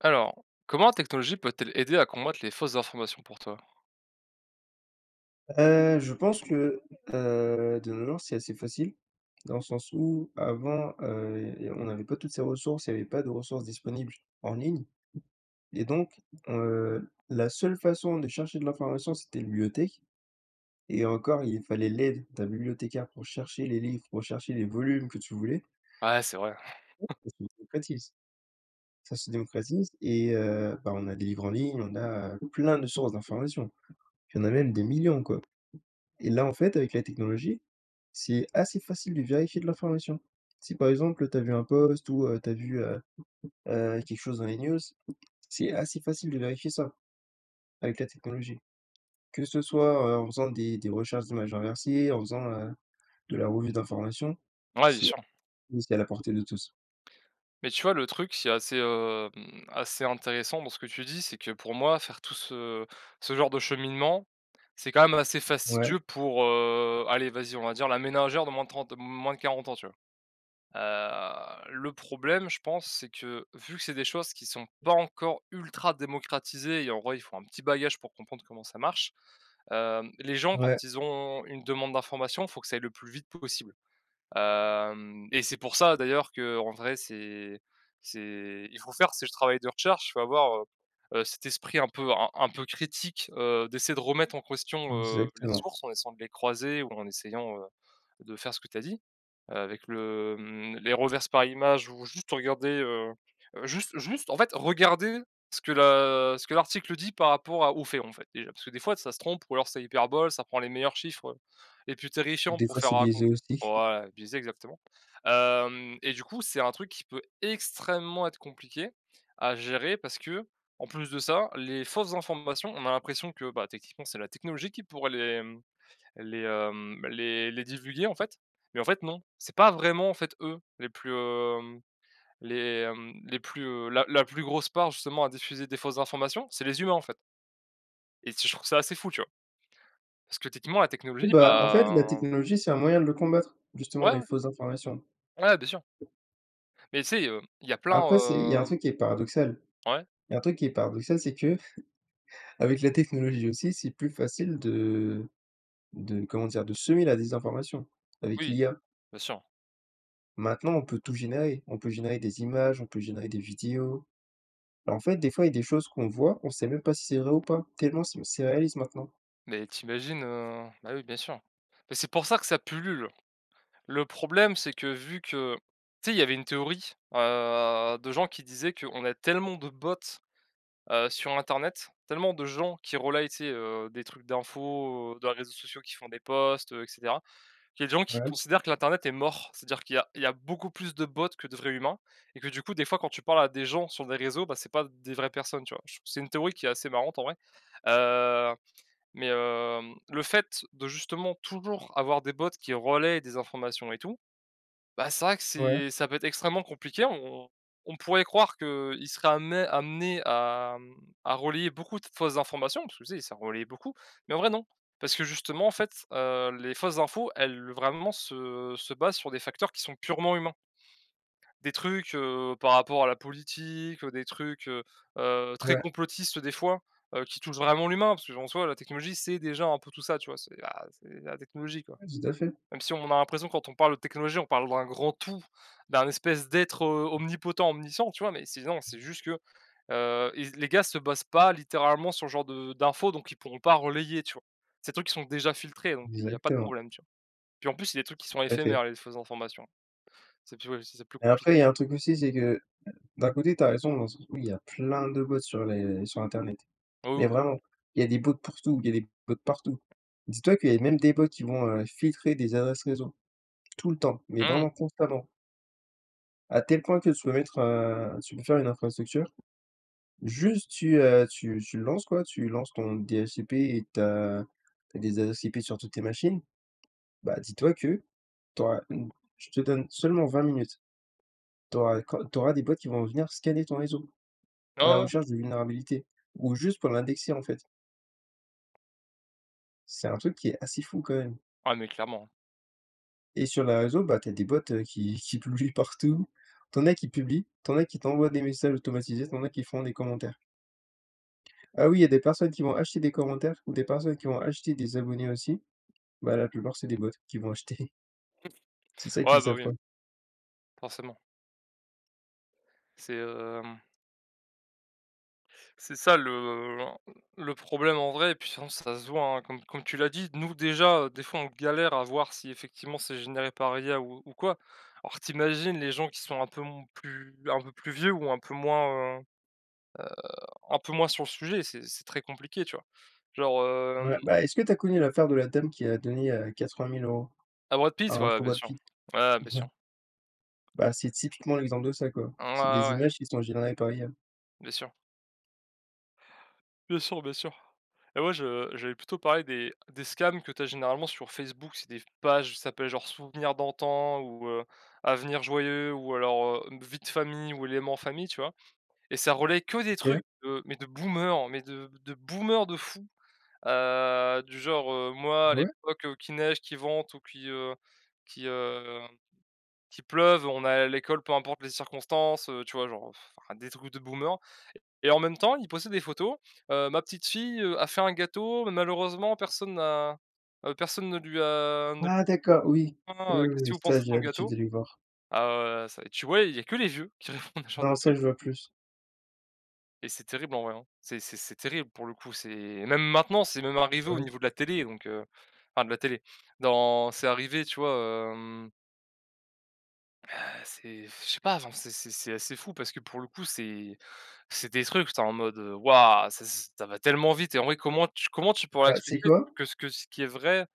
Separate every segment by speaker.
Speaker 1: Alors, comment la technologie peut-elle aider à combattre les fausses informations pour toi?
Speaker 2: Heu, je pense que, heu, de nos jours, c'est assez facile, dans le sens où, avant, heu, il y a il y a on n'avait pas toutes ces ressources. Il y avait pas de ressources disponibles en ligne et donc, heu, la seule façon de chercher de l'information, c'était la bibliothèque et encore, il fallait l'aide d'un bibliothécaire pour chercher les livres, pour chercher les volumes que tu voulais.
Speaker 1: Ouais, c'est vrai.
Speaker 2: Oui, ça se démocratise. Ça se démocratise et heu, bah, on a des livres en ligne, on a, heu, plein de sources d'informations. Il y en a même des millions, quoi, et là, en fait, avec la technologie, c'est assez facile de vérifier de l'information. Si, par exemple, tu as vu un post ou, heu, tu as vu, heu heu, quelque chose dans les news, c'est assez facile de vérifier ça avec la technologie. Que ce soit, heu, en faisant des des recherches d'images inversées, en faisant, heu, de la revue d'information,
Speaker 1: Ouais, bien
Speaker 2: si,
Speaker 1: sur.
Speaker 2: c'est à la portée de tous.
Speaker 1: Mais tu vois, le truc, c'est assez, hem, assez intéressant, dans ce que tu dis, c'est que, pour moi, faire tout ce ce genre de cheminement, c'est, quand même, assez
Speaker 2: Ouais.
Speaker 1: fastidieux pour, heu, allez, vas-y, on va dire, la ménagère de moins de 30 moins de 40 ans, tu vois? Heu, le problème, je pense, c'est que, vu que c'est des choses qui sont pas encore ultra démocratisées et en vrai, il faut un petit bagage pour comprendre comment ça marche, hem, les gens,
Speaker 2: Ouais.
Speaker 1: quand ils ont une demande d'information, faut que ça aille le plus vite possible. Hem et c'est pour ça, d'ailleurs, qu'en vrai, c'est c'est il faut faire, c'est du travail de recherche. Faut avoir, heu heu, cet esprit un peu un un peu critique, heu, d'essayer de remettre en question, heu, les
Speaker 2: Exactement.
Speaker 1: sources, en essayant de les croiser ou en essayant, heu, de faire ce que tu as dit, heu, avec le, mmh, les reverses par image ou juste regarder, heu, juste juste, en fait, regarder ce que l'a ce que l'article dit par rapport à aux faits, en fait, déjà, parce que, des fois, ça se trompe ou alors ça hyperbole. Ça prend les meilleurs chiffres, heu, les plus terrifiants
Speaker 2: Des
Speaker 1: pour
Speaker 2: fois,
Speaker 1: faire
Speaker 2: c'est biaisé,
Speaker 1: raconter
Speaker 2: aussi.
Speaker 1: pour ouais, biaisé, exactement. Hem et du coup, c'est un truc qui peut extrêmement être compliqué à gérer parce qu'en plus de ça, les fausses informations, on a l'impression que, bah, techniquement, c'est la technologie qui pourrait les, mmh, les, hem, les les divulguer, en fait, mais en fait, non. C'est pas vraiment, en fait, eux, les plus, hem, les, hem, les plus, heu, la la plus grosse part, justement, à diffuser des fausses informations, c'est les humains, en fait et tu sais, je trouve ça assez fou, tu vois? Parce que, techniquement, la
Speaker 2: Oui,
Speaker 1: technologie,
Speaker 2: bah, en fait, la
Speaker 1: bah, en
Speaker 2: technologie, c'est un moyen de le combattre, justement,
Speaker 1: Ouais.
Speaker 2: les fausses informations
Speaker 1: Ouais, bien sûr. Mais tu sais, heu, il y a
Speaker 2: après, c'est il y a
Speaker 1: plein,
Speaker 2: un
Speaker 1: hem
Speaker 2: truc qui est paradoxal.
Speaker 1: Ouais?
Speaker 2: Il y a un truc qui est paradoxal, c'est que, avec la technologie aussi, c'est plus facile de de, comment dire, de semer la désinformation avec
Speaker 1: Oui,
Speaker 2: l'IA
Speaker 1: bien sûr.
Speaker 2: maintenant, on peut tout générer, on peut générer des images, on peut générer des vidéos. Bah, en fait, des fois, il y a des choses qu'on voit, qu'on sait même pas si c'est vrai ou pas, tellement c'est c'est réaliste maintenant.
Speaker 1: Mais tu imagines, heu bah, oui bien sûr. Mais c'est pour ça que ça pullule. Le problème, c'est que, vu que tu sais, il y avait une théorie, heu, de gens qui disaient qu'on a tellement de bots, heu, sur Internet, tellement de gens qui relaient, tu sais, heu, des trucs d'infos, heu, de réseaux sociaux qui font des posts, heu et cetera, qu'il y a des gens qui
Speaker 2: Ouais.
Speaker 1: considèrent que l'internet est mort. C'est-à-dire qu'il y a il y a beaucoup plus de bots que de vrais humains et que, du coup, des fois, quand tu parles à des gens sur des réseaux, bah, c'est pas des vraies personnes, tu vois? Je trouve, c'est une théorie qui est assez marrante, en vrai, heu, mais hem, le fait de, justement, toujours avoir des bots qui relaient des informations et tout, bah, c'est vrai que
Speaker 2: Ouais.
Speaker 1: c'est ça peut être extrêmement compliqué. On on on pourrait croire qu'ils seraient ammé amenés à, mmh, à relayer beaucoup de fausses informations, parce que, tu sais, ça relaie beaucoup, mais en vrai, non, parce que, justement, en fait, heu, les fausses infos, elles, vraiment, se se basent sur des facteurs qui sont purement humains des trucs, heu, par rapport à la politique, heu, des trucs, heu heu, très
Speaker 2: Ouais.
Speaker 1: complotistes, des fois, heu, qui touchent vraiment l'humain, parce que, bon, en soi, la technologie, c'est déjà un peu tout ça, tu vois? C'est ah, c'est la technologie, quoi!
Speaker 2: Ouais, tout à fait.
Speaker 1: Même si on a l'impression quand on parle de technologie, on parle d'un grand tout, d'un espèce d'être, heu, omnipotent, omniscient, tu vois? Mais c'est non, c'est juste que, heu, ils les gars se basent pas, littéralement, sur ce genre de d'infos donc ils pourront pas relayer, tu vois? Ces trucs, ils sont déjà filtrés, donc, heu, il y a pas de
Speaker 2: Exactement.
Speaker 1: problème, tu vois? Puis, en plus, c'est des trucs qui sont
Speaker 2: Tout à fait.
Speaker 1: éphémères, les fausses informations. C'est plus, ouais, c'est plus
Speaker 2: Mais
Speaker 1: compli
Speaker 2: après, il y a un truc aussi, c'est que, d'un côté, tu as raison, hein, c oui, il y a plein de bots sur les sur internet,
Speaker 1: Oh oui,
Speaker 2: mais
Speaker 1: oui, oui.
Speaker 2: vraiment il y a des bots pour tout. Il y a des bots partout. Dis-toi qu'il y avait même des bots qui vont, heu, filtrer des adresses réseau, tout le temps, mais
Speaker 1: Mmh.
Speaker 2: vraiment constamment à tel point que tu peux mettre, heu, tu peux faire une infrastructure, juste tu, heu, tu tu le lances, quoi. Tu lances ton DSCP et tu as tu as des adresses IP sur toutes tes machines, bah, dis-toi que tu auras une je te donne seulement 20 minutes, tu auras des cod tu auras des bots qui vont venir scanner ton réseau à la
Speaker 1: Oh, ouais, ouais.
Speaker 2: recherche de vulnérabilité ou juste pour l'indexer, en fait c'est un truc qui est assez fou, quand même
Speaker 1: Ah, mais clairement.
Speaker 2: et sur les réseaux, bah, tu as des bots, heu, qui qui publient partout. Tu en as qui publient. Tu en as qui t'envoient des messages automatisés. Tu en as qui font des commentaires ah oui, il y a des personnes qui vont acheter des commentaires ou des personnes qui vont acheter des abonnés aussi. Bah, la plupart, c'est des bots qui vont acheter
Speaker 1: Mmh.
Speaker 2: c'est ça
Speaker 1: Ouais,
Speaker 2: qu'ils
Speaker 1: bah,
Speaker 2: savent
Speaker 1: oui.
Speaker 2: pas.
Speaker 1: Forcément. C'est, hem c'est ça, le l'en heu, le problème, en vrai et puis sinon, ça se voit, hein Comme comme tu l'as dit, nous, déjà, heu, des fois, on galère à voir si, effectivement, c'est généré par IA ou ou quoi, alors tu imagines les gens qui sont un peu m plus un peu plus vieux ou un peu moins, heu heu, un peu moins sur le sujet, c'est c'est très compliqué, tu vois? Genre hem
Speaker 2: Ouais, bah, est-ce que tu as connu l'affaire de la dame qui a donné, heu, 80 000 €?
Speaker 1: À Brad Pitt?
Speaker 2: À en
Speaker 1: Ouais,
Speaker 2: pour
Speaker 1: bien
Speaker 2: Brad
Speaker 1: sûr.
Speaker 2: Pitt
Speaker 1: Ouais, bien sûr.
Speaker 2: bah, c'est typiquement l'exemple de ça, quoi.
Speaker 1: Mmh ouais,
Speaker 2: C'est des
Speaker 1: ouais, ouais.
Speaker 2: images qui sont générées par l'IA.
Speaker 1: Bien sûr bien sûr, bien sûr et moi, je j'allais plutôt parler des des scams que tu as généralement sur Facebook. C'est des pages qui s'appellent, genre, Souvenirs d'antan ou, heu, Avenir joyeux ou alors, heu, Une vie de famille ou Éléments famille, tu vois? Et ça relaie que des trucs,
Speaker 2: OK.
Speaker 1: heu, mais de boomers, mais de de boomers de fou, heu, du genre, heu: «Moi, à
Speaker 2: Ah ouais?
Speaker 1: l'époque qu'il neige, qu'il vente ou qu'il, heu, qu'il, hem, qu'il pleuve, on allait à l'école, peu importent les circonstances», heu, tu vois, genre, ah, des trucs de boomers et en même temps, ils postaient des photos, heu: «Ma petite-fille, heu, a fait un gâteau, mais malheureusement personne n'a heu, personne ne lui a ne
Speaker 2: Ah d'accord. Oui, oui,
Speaker 1: [unintelligible]
Speaker 2: oui,
Speaker 1: qu'est-ce
Speaker 2: oui,
Speaker 1: que vous pensez
Speaker 2: ça,
Speaker 1: de
Speaker 2: j'ai
Speaker 1: son
Speaker 2: l'habitude
Speaker 1: gâteau?»
Speaker 2: de les voir.
Speaker 1: alors, heu, c tu ouais, il y a que les vieux qui répondent à ce genre
Speaker 2: Non,
Speaker 1: de
Speaker 2: ça,
Speaker 1: trucs
Speaker 2: je vois plus.
Speaker 1: et c'est terrible, en vrai, hein. C'est c'est c'est terrible, pour le coup, c'est même maintenant, c'est même
Speaker 2: Mmh,
Speaker 1: arrivé
Speaker 2: ah
Speaker 1: au
Speaker 2: oui?
Speaker 1: niveau de la télé, donc, heu, enfin de la télé, non, c'est arrivé, tu vois, hem ah c'est je sais pas, enfin, c'est c'est c'est assez fou parce que, pour le coup, c'est c'est des trucs, tu es en mode, heu, waouh, ça c'est ça va tellement vite et en vrai, comment tu comment tu pourrais
Speaker 2: Bah, tu sais
Speaker 1: expliquer
Speaker 2: quoi?
Speaker 1: que ce que ce qui est vrai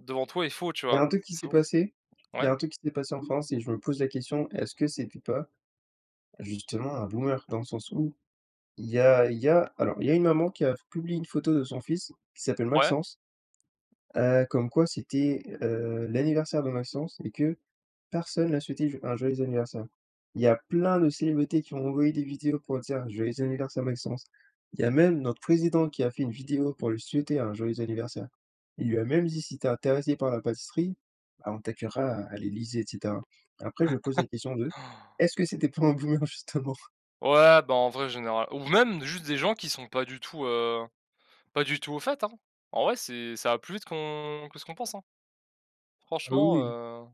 Speaker 1: devant toi est faux, tu
Speaker 2: Il y a
Speaker 1: vois?
Speaker 2: un truc qui
Speaker 1: C'est
Speaker 2: s'est
Speaker 1: ou
Speaker 2: passé, il y
Speaker 1: ouais.
Speaker 2: a un truc qui s'est passé en France et je me pose la question: «Est-ce que c'était pas justement un boomer?» dans le sens où, il y a il y a alors, il y a une maman qui a publié une photo de son fils qui s'appelle
Speaker 1: Ouais.
Speaker 2: Maxence, heu, comme quoi c'était, heu, l'anniversaire de Maxence et que personne lui a souhaité j un joyeux anniversaire. Il y a plein de célébrités qui ont envoyé des vidéos pour dire: «Joyeux anniversaire, Maxence». Il y a même notre Président qui a fait une vidéo pour lui souhaiter un joyeux anniversaire. Il lui a même dit: «Si tu es intéressé par la pâtisserie, ah on t'accueillera, heu, à l'Élysée» et cetera. Après je pose la question de:
Speaker 1: Han!
Speaker 2: «Est-ce que c'était pas un boomer justement?»
Speaker 1: Ouais, bah, en vrai, général ou même, juste des gens qui sont pas du tout, heu, pas du tout au fait, hein. En vrai, c'est ça va plus vite qu'on que ce qu'on pense, hein
Speaker 2: Oh
Speaker 1: franchement,
Speaker 2: oui, oui.
Speaker 1: heu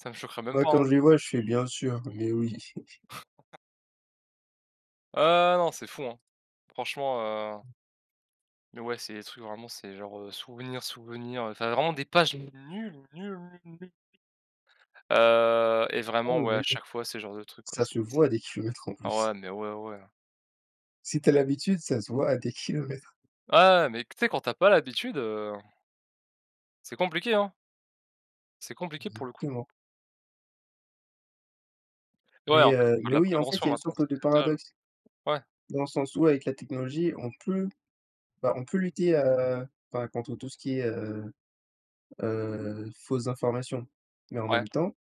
Speaker 1: ça me choquerait même
Speaker 2: Bah,
Speaker 1: pas, hein.
Speaker 2: quand je les vois, je fais: «Bien sûr, mais oui».
Speaker 1: Ah non, c'est fou, hein. Franchement, heu ouais, c'est des trucs, vraiment, c'est genre, heu, souvenirs souvenirs, heu, enfin vraiment des pages nulles, nulles, nulles, nulles heu et
Speaker 2: Ah
Speaker 1: vraiment,
Speaker 2: oui,
Speaker 1: ouais,
Speaker 2: oui,
Speaker 1: à
Speaker 2: oui.
Speaker 1: chaque fois, c'est le genre de truc, ouais,
Speaker 2: Ça
Speaker 1: c'est
Speaker 2: se
Speaker 1: c'est
Speaker 2: voit à des kilomètres, en
Speaker 1: Oh!
Speaker 2: plus.
Speaker 1: ouais mais ouais, ouais.
Speaker 2: Si tu as l'habitude, ça se voit à des kilomètres.
Speaker 1: Ah, ouais, mais tu sais, quand tu as pas l'habitude, heu c'est compliqué, hein c'est compliqué, pour le coup.
Speaker 2: Exactement.
Speaker 1: Ouais,
Speaker 2: Mais,
Speaker 1: en fait, faut
Speaker 2: heu,
Speaker 1: faire de
Speaker 2: mais
Speaker 1: la
Speaker 2: oui, en fait,
Speaker 1: prévention
Speaker 2: il y a une
Speaker 1: maintenant,
Speaker 2: sorte
Speaker 1: c'est
Speaker 2: de
Speaker 1: [unintelligible]
Speaker 2: paradoxe.
Speaker 1: ouais.
Speaker 2: Dans le sens où avec la technologie, on peut, bah, on peut lutter, heu, enfin, contre tout ce qui est, heu heu, fausses informations, mais en
Speaker 1: Ouais.
Speaker 2: même temps,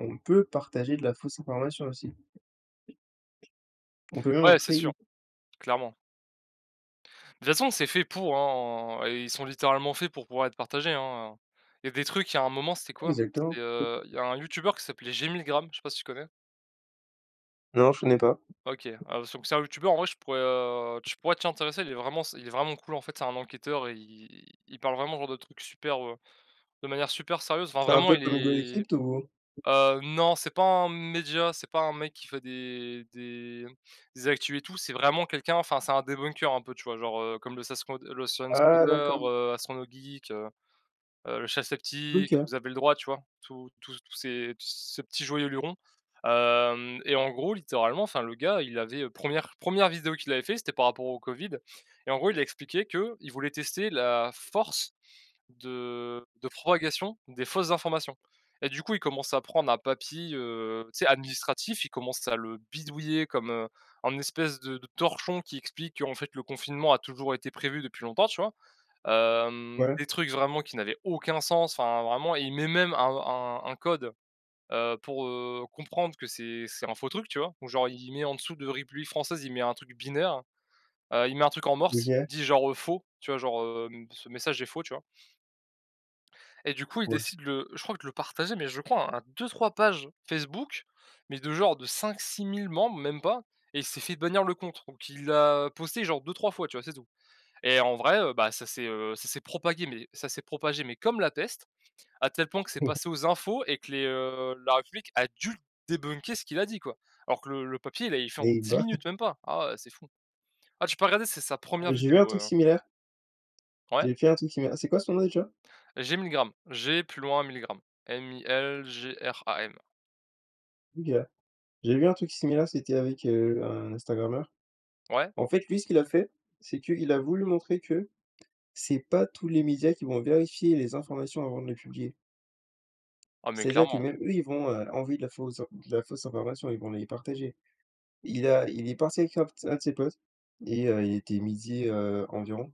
Speaker 2: on peut partager de la fausse information aussi. On peut même en
Speaker 1: Ouais, c'est
Speaker 2: créer.
Speaker 1: sûr. Clairement de toute façon, c'est fait pour, hein, heu, et ils sont littéralement faits pour pouvoir être partagés, hein, heu, il y a des trucs, il y a un moment, c'était
Speaker 2: Oui,
Speaker 1: quoi? C'était,
Speaker 2: exactement.
Speaker 1: heu, il y a un youtubeur qui s'appelait G Milgram, je sais pas si tu connais?
Speaker 2: Non, je connais pas.
Speaker 1: OK, alors, donc, c'est un un youtubeur, en vrai, je pourrais, heu, tu pourrais t'y intéresser. Il est vraiment sup il est vraiment cool. En fait, c'est un enquêteur, il il il parle vraiment, heu, genre, de trucs super, heu, de manière super sérieuse, enfin,
Speaker 2: C'est un
Speaker 1: vraiment
Speaker 2: peu
Speaker 1: il
Speaker 2: comme
Speaker 1: est
Speaker 2: HugoDécrypte ou?
Speaker 1: heu, non, c'est pas un média, c'est pas un mec qui fait des des des actus et tout, c'est vraiment quelqu'un, enfin c'est un debunker un peu, tu vois? Genre, heu, comme le Scens le
Speaker 2: Ah,
Speaker 1: ScienCoder,
Speaker 2: d'accord.
Speaker 1: heu, Astronogeek, heu heu, le Chef Sceptique,
Speaker 2: OK.
Speaker 1: Vous avez le droit, tu vois? Tous tous tous ces ces Petit Joyeux Luron, hem et en gros, littéralement, enfin le gars, il avait, heu, premièr première vidéo qu'il avait fait, c'était par rapport au Covid et en gros, il a expliqué qu'il voulait tester la force de de propagation des fausses informations et du coup, il commence à prendre un papier, heu, tu sais, administratif, il commence à le bidouiller comme, heu, un espèce de de torchon qui explique qu'en fait, le confinement a toujours été prévu depuis longtemps, tu vois? Hem,
Speaker 2: Ouais.
Speaker 1: des trucs vraiment qui n'avaient aucun sens, enfin vraiment, il met même un un un code, heu, pour heu, comprendre que c'est c'est un faux truc, tu vois? Genre il il met en dessous de République Française, il met un truc binaire, heu, il met un truc en morse,
Speaker 2: OK.
Speaker 1: qui dit genre, heu, «faux», tu vois? Genre, hem: «ce message est faux», tu vois? Et du coup, il
Speaker 2: Ouais.
Speaker 1: décide de le je crois de le partager, mais je crois, à 2-3 pages Facebook, mais de, genre, de 5-6000 membres, même pas, et il s'est fait bannir le compte. Donc il l'a posté, genre, 2-3 fois, tu vois? C'est tout et en vrai, heu, bah, ça, s'est heu ça s'est propagé mais ça s'est propagé mais comme la peste, à tel point que c'est
Speaker 2: Ouais
Speaker 1: passé aux infos et que les, heu, la République a dû débunker ce qu'il a dit, quoi, alors que le le papier, il l'avait fait en
Speaker 2: Et
Speaker 1: 10
Speaker 2: bah!
Speaker 1: minutes, même pas. Ah ouais, c'est fou. Ah, tu peux regarder, c'est sa
Speaker 2: Ah
Speaker 1: 1re
Speaker 2: j'ai vu un
Speaker 1: vidéo,
Speaker 2: truc
Speaker 1: heu, hein.
Speaker 2: similaire
Speaker 1: Ouais.
Speaker 2: j'ai fait un truc similaire, ah c'est quoi son nom, déjà?
Speaker 1: G Milgram, G plus loin, Milgram, M I L G R A M.
Speaker 2: OK. J'ai vu un truc similaire, c'était avec, heu, un Instagrameur.
Speaker 1: Ouais.
Speaker 2: En fait, lui, ce qu'il a fait, c'est qu'il a voulu montrer que c'est pas tous les médias qui vont vérifier les informations avant de les publier
Speaker 1: Ah, mais
Speaker 2: c'est-à-dire que,
Speaker 1: clairement.
Speaker 2: même eux, ils vont, heu, envoyer de la fausses in de la fausse information, ils vont les partager. Il a il est parti avec un un de ses potes et heu, il était midi, heu, environ.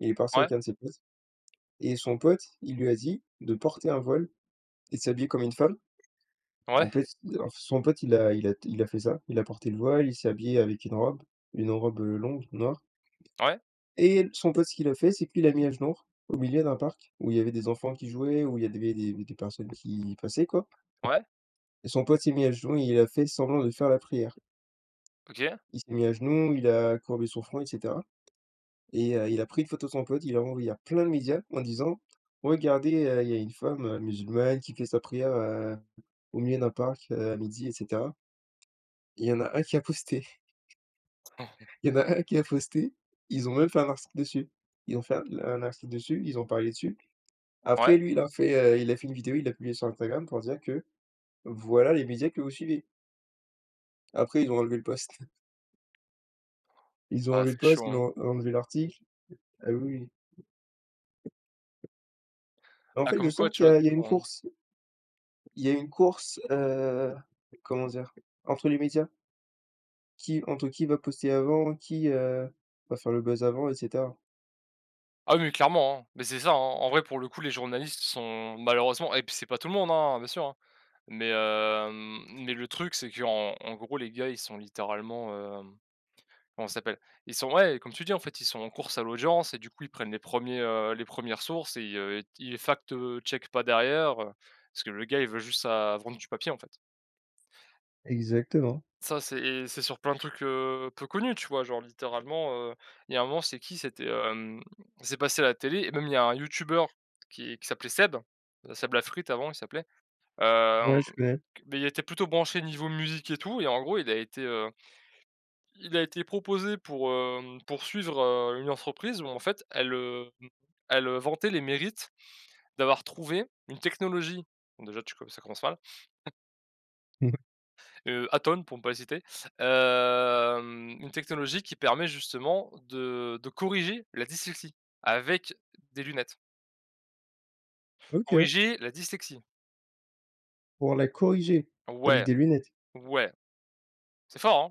Speaker 2: Il est parti
Speaker 1: Ouais.
Speaker 2: avec un de ses potes et son pote, il lui a dit de porter un voile et de s'habiller comme une femme. En
Speaker 1: Ouais.
Speaker 2: fait et alors son pote, il a il a il a fait ça, il a porté le voile, il s'est habillé, heu, avec une robe, une robe, heu, longue, noire.
Speaker 1: Ouais.
Speaker 2: Et son pote, ce qu'il a fait, c'est qu'il l'a mis à genoux r au milieu d'un parc où il y avait des enfants qui jouaient, où il y avait des des des personnes qui y passaient, quoi
Speaker 1: Ouais.
Speaker 2: et son pote s'est mis à genoux et il a fait semblant de faire la prière
Speaker 1: OK.
Speaker 2: il s'est mis à genoux, il a courbé son front et cetera et heu, il a pris une photo de son pote, il a envoyé à plein de médias en disant: «Regardez, heu, il y a une femme, heu, musulmane qui fait sa prière, heu, au milieu d'un parc, heu, à midi» et cetera il y en a 1 qui a posté il y en a 1 qui a posté. Ils ont même fait un article dessus. Ils ont fait un un article dessus, ils ont parlé dessus. Après
Speaker 1: Ouais.
Speaker 2: lui, il a fait, heu, il a fait une vidéo, il l'a publiée sur Instagram pour dire que voilà les médias que vous suivez. Après, ils ont enlevé le post. Ils ont
Speaker 1: Ouais,
Speaker 2: enlevé
Speaker 1: c'est
Speaker 2: le post.
Speaker 1: chaud,
Speaker 2: ils
Speaker 1: hein.
Speaker 2: l'ont enlevé l'article. Ah oui. Bah, en
Speaker 1: Ah,
Speaker 2: fait, je
Speaker 1: comme quoi,
Speaker 2: sens
Speaker 1: tu
Speaker 2: qu'il y
Speaker 1: vois,
Speaker 2: a il
Speaker 1: il
Speaker 2: y a une
Speaker 1: faut
Speaker 2: course. Il y a une course, heu, comment dire, entre les médias qui entre qui va poster avant qui, heu, va faire le buzz avant et cetera.
Speaker 1: Ah oui, clairement, hein. Bah, c'est ça, hein. En en vrai, pour le coup, les journalistes sont, malheureusement et puis c'est pas tout le monde, hein, bien sûr, hein. Mais hem, mais le truc, c'est qu'en en gros, les gars, ils sont littéralement, hem, comment ça s'appelle? Ils sont, ouais, heu, comme tu dis, en fait, ils sont en course à l'audience et du coup, ils prennent les 1ers, heu, les 1res sources et heu, t ils fact, heu, checkent pas derrière, heu, parce que le gars, il veut juste sa vendre du papier, en fait.
Speaker 2: Exactement.
Speaker 1: Ça c'est et c'est sur pleins de trucs, heu, peu connus, tu vois? Genre, littéralement, heu, il y a un moment, c'est qui? C'était, hem, c'est passé à la télé et même, il y a un youtubeur qui qui s'appelait Seb, heu, Seb la frite, avant, il s'appelait, hem,
Speaker 2: Ouais, je connais.
Speaker 1: q bah, il était plutôt branché niveau musique et tout et en gros il a été, heu, il a été proposé pour, hem, pour suivre, heu, une entreprise où, en fait, elle, hem, elle, heu, vantait les mérites d'avoir trouvé une technologie, donc déjà, tu co ça commence mal
Speaker 2: Mmh mh.
Speaker 1: heu, Atol, pour ne pas les citer, hem, une technologie qui permet justement de de corriger la dyslexie, avec des lunettes.
Speaker 2: OK.
Speaker 1: Corriger la dyslexie.
Speaker 2: Pour la corriger? Avec
Speaker 1: Ouais.
Speaker 2: des lunettes?
Speaker 1: Ouais. C'est fort,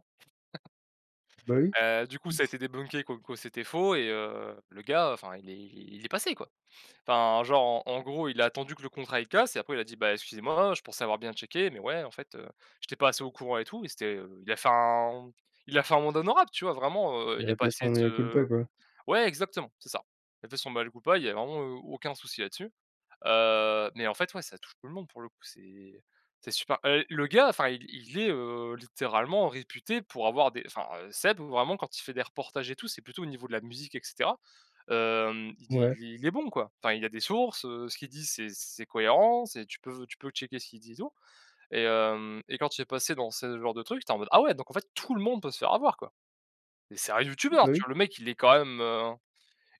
Speaker 2: Bah oui.
Speaker 1: hein? Heu, du coup, ça a été débunké comme quoi c'était faux et heu, le gars, heu, enfin, il est il il est passé quoi. Enfin, genre, en en gros, il a attendu que le contrat il casse et après, il a dit: «Bah, excusez-moi, je pensais avoir bien checké, mais ouais, en fait, heu, j'étais pas assez au courant et tout» et c'était, heu, il a fait un, mmh, il a fait amende honorable, tu vois. Vraiment, heu, il
Speaker 2: Il
Speaker 1: a
Speaker 2: a
Speaker 1: pas
Speaker 2: fait son
Speaker 1: essayé de se
Speaker 2: mea-culpa, quoi.
Speaker 1: ouais, exactement, c'est ça. Il a fait son mea-culpa, il y a vraiment, heu, aucun souci là-dessus, heu, mais en fait, ouais, ça touche tout le monde, pour le coup. C'est, c'est super heu, le gars, enfin, il il est, heu, littéralement réputé pour avoir des enfin, heu, Seb, vraiment, quand il fait des reportages et tout, c'est plutôt au niveau de la musique, et cetera, hem, il dit
Speaker 2: Mouais.
Speaker 1: il est il est bon, quoi. Enfin, il a des sources, heu, ce qu'il dit, c'est c'est cohérent, c'est tu peux tu peux checker ce qu'il dit et tout et hem et quand il est passé dans ce genre de truc, j'étais en mode: «Ah ouais, donc en fait, tout le monde peut se faire avoir, quoi» et c'est un youtubeur,
Speaker 2: Bah
Speaker 1: tu
Speaker 2: oui.
Speaker 1: vois? Le mec, il est quand même, heu,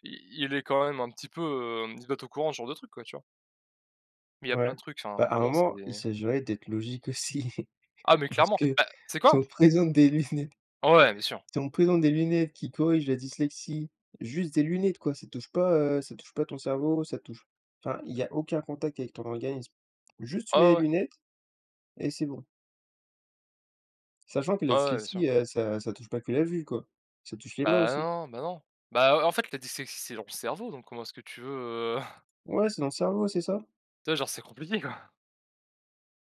Speaker 1: il il est quand même un petit peu, hem, il doit être au courant de ce genre de truc, quoi. Tu vois? Mais il y a plein
Speaker 2: Ouais.
Speaker 1: de trucs,
Speaker 2: Bah,
Speaker 1: enfin,
Speaker 2: à un
Speaker 1: vraiment, c'est
Speaker 2: moment, il s'agirait d'être logique aussi.
Speaker 1: Ah mais
Speaker 2: Parce
Speaker 1: clairement.
Speaker 2: que,
Speaker 1: Bah, tu sais
Speaker 2: si
Speaker 1: quoi?
Speaker 2: on présente des lunettes
Speaker 1: Oh ouais, bien sûr!
Speaker 2: si on présente des lunettes qui corrigent la dyslexie, juste des lunettes, quoi, ça touche pas, heu, ça touche pas ton cerveau, ça touche enfin, il y a aucun contact avec ton organisme. Juste, tu mets
Speaker 1: Ah
Speaker 2: les
Speaker 1: ouais, ouais.
Speaker 2: lunettes et c'est bon. Sachant que la
Speaker 1: Ah ouais, ouais, bien sûr.
Speaker 2: dyslexie, heu, ça ça touche pas que la vue, quoi, ça touche les mains
Speaker 1: Bah,
Speaker 2: aussi.
Speaker 1: non, non, bah, non. Bah, heu, en fait, la dyslexie, c'est dans le cerveau. Donc, comment est-ce que tu veux, heu
Speaker 2: Ouais, c'est dans le cerveau, c'est ça?
Speaker 1: Tu vois, genre, c'est compliqué, quoi.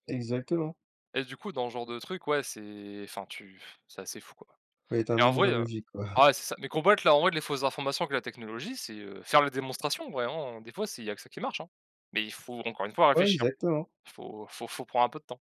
Speaker 2: Exactement.
Speaker 1: Et du coup, dans le genre de truc, ouais, c'est enfin, tu, f c'est assez fou, quoi
Speaker 2: Faut être un
Speaker 1: et en vrai,
Speaker 2: minimum
Speaker 1: heu,
Speaker 2: logique quoi.
Speaker 1: ouais, c'est ça. Mais combattre là, en vrai, les fausses informations avec la technologie, c'est, heu faire la démonstration, vraiment, des fois, c'est il y a que ça qui marche, hein. Mais il faut, encore une fois,
Speaker 2: Ouais,
Speaker 1: réfléchir.
Speaker 2: exactement.
Speaker 1: Il faut il faut il faut prendre un peu de temps.